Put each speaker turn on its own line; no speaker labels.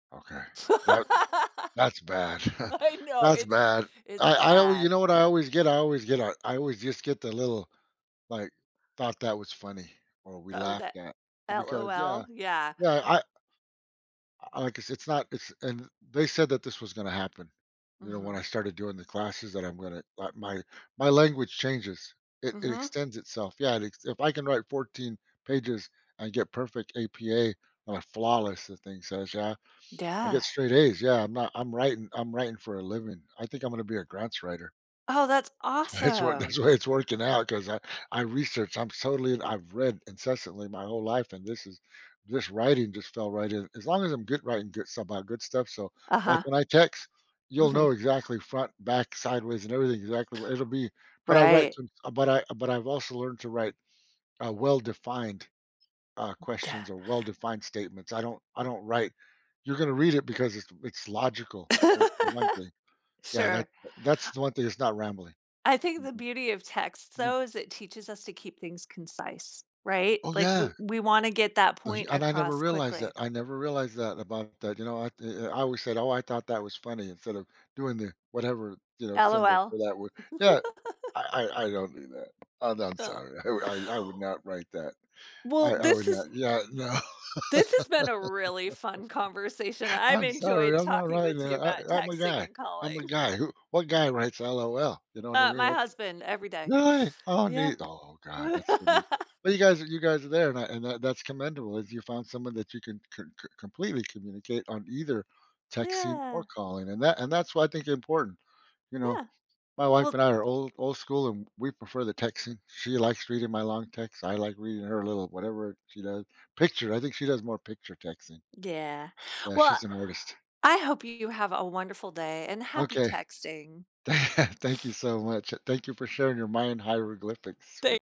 Ok. That that's bad.
I know.
That's
It's
bad.
it's
I I always you
sad.
know what I always get? I always get a I always just get the little, like thought that was funny or we
Oh, that
laughed at because yeah,
LOL, yeah.
yeah, I I I guess it's not it's and they said that this was gonna happen, you know, when
Mhm.
I started doing the classes that I'm gonna like my my language changes. It it
Mhm.
extends itself. Yeah, if I can write 14 pages and get perfect APA and a flawless the thing says, yeah, I get
Yeah.
straight A's. Yeah, I'm not I'm writing I'm writing for a living. I think I'm gonna be a grants writer.
Oh, that's
That's why it's wor
awesome.
that's why it's working out 'cause I I researched, I'm totally and I've read incessantly my whole life and this is this writing just fell right in. As long as I'm good writing good stuff about good stuff, so, like,
Uh-huh.
when I text, you'll know
Mhm.
exactly front, back, sideways, and everything exactly what it'll be. But I write
Right.
some but I but I've also learned to write, uh, well-defined, uh, questions
Yeah
or well-defined statements. I don't I don't write you're gonna read it because it's it's logical for one thing. Yeah, that
Sure.
that's the one thing that's not rambling.
I think the
Mhm.
beauty of text,
Mm.
though, is it teaches us to keep things concise, right?
Oh
Like we
yeah.
we wanna get that
But
point
and I never
across
realized
quickly.
that. I never realized that about that, you know, I th I I always said, oh, I thought that was funny instead of doing the whatever, you know, symbol
LOL.
for that word. Yeah, I I I don't do that. Oh, no I'm
Uh.
sorry. I I I would not write that.
Well,
I I
this
would
has
not yeah, no.
this has been a really fun conversation. I've
I'm
enjoyed
sorry, I'm not
talking
writing
with you
that.
about
I I'm a
texting
guy.
and
I'm a
calling.
guy. Who what guy writes LOL you know what I
Uh,
mean?
my
Ok
husband, every day,
Really? Oh
yeah.
neat. Oh God, that's so neat. But you guys you guys are there and I and that, that's commendable if you found someone that you can c c completely communicate on either texting or
Yeah.
calling, and that and that's what I think is important, you know.
Yeah,
My wife
well
and I are old old school, and we prefer the texting. She likes reading my long text. I like reading her a little whatever she does, picture, I think she does more picture texting.
Yeah,
Yeah,
well,
she's an artist.
I hope you have a wonderful day and
Ok.
happy texting.
Thank you so much. Thank you for sharing your Mayan hieroglyphics with
Thank